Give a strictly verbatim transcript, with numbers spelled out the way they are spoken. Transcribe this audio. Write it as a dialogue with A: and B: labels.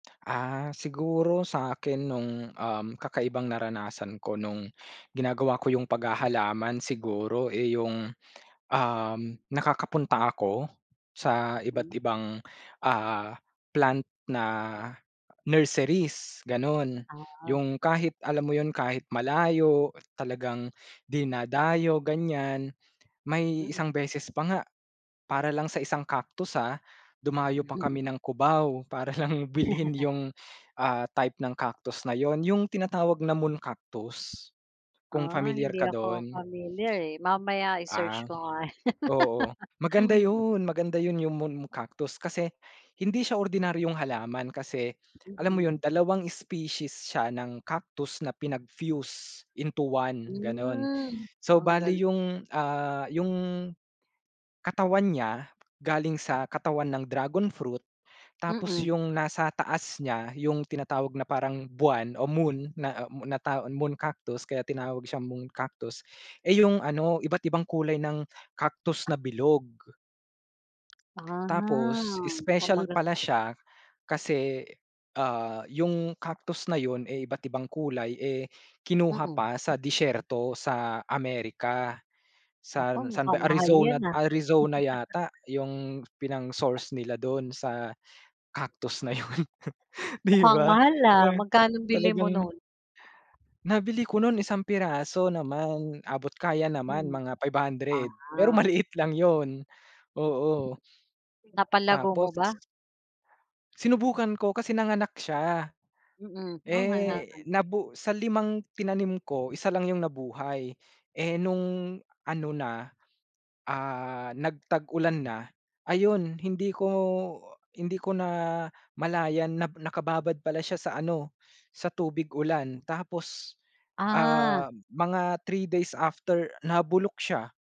A: Ah, siguro sa akin nung um kakaibang naranasan ko nung ginagawa ko yung paghahalaman siguro eh, yung um nakakapunta ako sa
B: Hmm.
A: iba't ibang ah, plant na nurseries gano'n.
B: Ah.
A: Yung kahit alam mo yun kahit malayo talagang dinadayo ganyan may
B: Mm.
A: isang beses pa nga, para lang sa isang Cactus, ah, dumayo pa
B: Mhm.
A: kami ng Cubao para lang bilhin yung, ah, type ng Cactus na yun. Yung tinatawag na Moon Cactus kung
B: Ah,
A: pamilyar
B: hindi
A: ka
B: ako
A: 'don.
B: familiar eh, mamaya i-search
A: Ah,
B: ko nga yan.
A: oo, maganda 'yun maganda 'yun, yung Moon Cactus, kasi hindi siya ordinaryong halaman kasi alam mo
B: Mhm.
A: 'yun dalawang species siya ng Cactus na pinag-fuse into one ganun.
B: Hmm,
A: So,
B: ang
A: bale
B: galing.
A: yung ah, yung katawan niya galing sa katawan ng Dragon Fruit tapos
B: Mm.
A: yung nasa taas niya yung tinatawag na parang buwan o moon na, ah, moon na tawa Moon Cactus kaya tinawag siyang Moon Cactus eh, yung ano iba't ibang kulay ng Cactus na bilog.
B: Ah,
A: Tapos
B: mukhang
A: special
B: maganda
A: pala siya kasi, ah, yung Cactus na yun eh, iba't-ibang kulay eh, kinuha
B: Mm.
A: pa sa disyerto sa Amerika,
B: Naku
A: san san ba
B: mukhang mahal yan
A: Arizona
B: ah.
A: Arizona yata yung pinang-source nila dun sa cactus na yun. 'Di
B: Mukhang
A: ba
B: mahal, ah,
A: na
B: magkanong bili mo
A: talagang
B: nun?
A: Nabili ko 'nun isang piraso naman, abot kaya naman
B: Hmm,
A: mga Five Hundred Pesos, pero
B: ah,
A: maliit lang 'yun, oo.
B: Napalago mo
A: Tapos.
B: ba?
A: Sinubukan ko kasi nanganak siya,
B: Mm, ah,
A: eh,
B: halaman.
A: nabu sa limang tinanim ko, isa lang yung nabuhay eh, nung ano na, ah, nagtag-ulan na ayon hindi ko hindi ko namalayan na nakababad pala siya sa ano sa tubig ulan tapos,
B: Ah,
A: ah, mga Three days after nabulok siya.